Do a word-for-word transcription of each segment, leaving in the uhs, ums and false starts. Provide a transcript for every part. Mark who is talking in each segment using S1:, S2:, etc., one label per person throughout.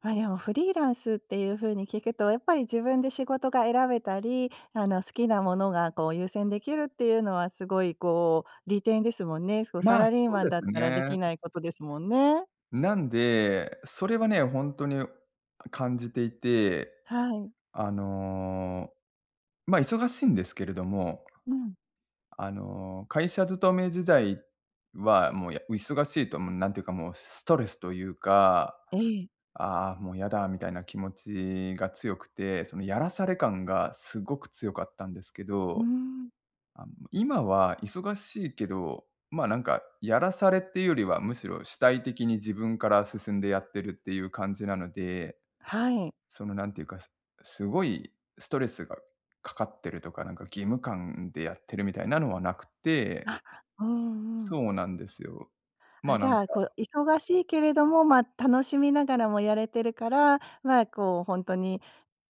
S1: ま、でもフリーランスっていうふうに聞くと、やっぱり自分で仕事が選べたり、あの好きなものがこう優先できるっていうのはすごいこう利点ですもんね。そうサ
S2: まあ、
S1: ラリー
S2: そう
S1: マン
S2: で
S1: だ
S2: す
S1: ったらで
S2: ね。
S1: きないことですもんね。
S2: なんで、それはね、ほんとに感じていて、
S1: はい。
S2: あの、ま、忙しいんですけれども、
S1: うん。
S2: あの会社勤め時代は、もう、や忙しいともうなんていうか、もうストレスというか、
S1: ええ。
S2: 「ああもうやだ」みたいな気持ちが強くて、そのやらされ感がすごく強かったんですけ
S1: うー
S2: ど、
S1: ん。
S2: 今は忙しいけど、ま、なんかやらされっていうよりは、むしろ主体的に自分から進んでやってるっていう感じなので、
S1: はい。
S2: そのなんていうかすすごいストレスがかかってるとか、なんか義務感でやってるみたいなのはなくって。
S1: あ、うんうん。
S2: そうなんですよ。ま、
S1: あ、じ
S2: なんか
S1: ゃ、こう、忙しいけれども、ま、楽しみながらもやれてるから、まあこうほんとに、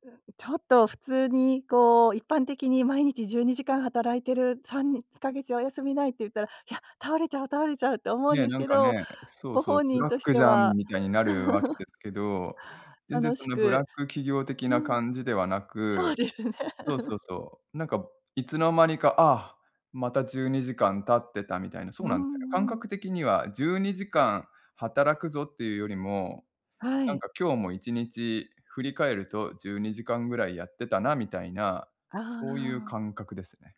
S1: う、ちょっと普通にこう、一般的に毎日じゅうにじかん働いてる、さんつカ月お休みないって言ったら、いや、倒れちゃう倒れちゃうと思うん
S2: ね、
S1: です
S2: なん
S1: け
S2: か
S1: ど、
S2: ね、そう
S1: ご
S2: そう、
S1: 本
S2: ブ
S1: 人
S2: ラッ
S1: とし
S2: ク
S1: て
S2: じゃん
S1: は。
S2: みたいになるわけで すけど、全然
S1: 楽
S2: そ
S1: し
S2: のブラ
S1: く、
S2: ック企業的
S1: う
S2: な
S1: ん。
S2: 感じではな
S1: そう
S2: く、
S1: ですね。
S2: そうそうそう、なんかいつの間にか、ああ、またじゅうにじかん経ってたみたいな、そ
S1: う
S2: うなんすよ。感
S1: んうん。
S2: 覚的にはじゅうにじかん働くぞっていうよりも、
S1: は
S2: なん
S1: い。
S2: か今日もいちにち振り返るとじゅうにじかんぐらいやってたなみたいな、
S1: あ
S2: そういう
S1: あ。
S2: 感覚ですね。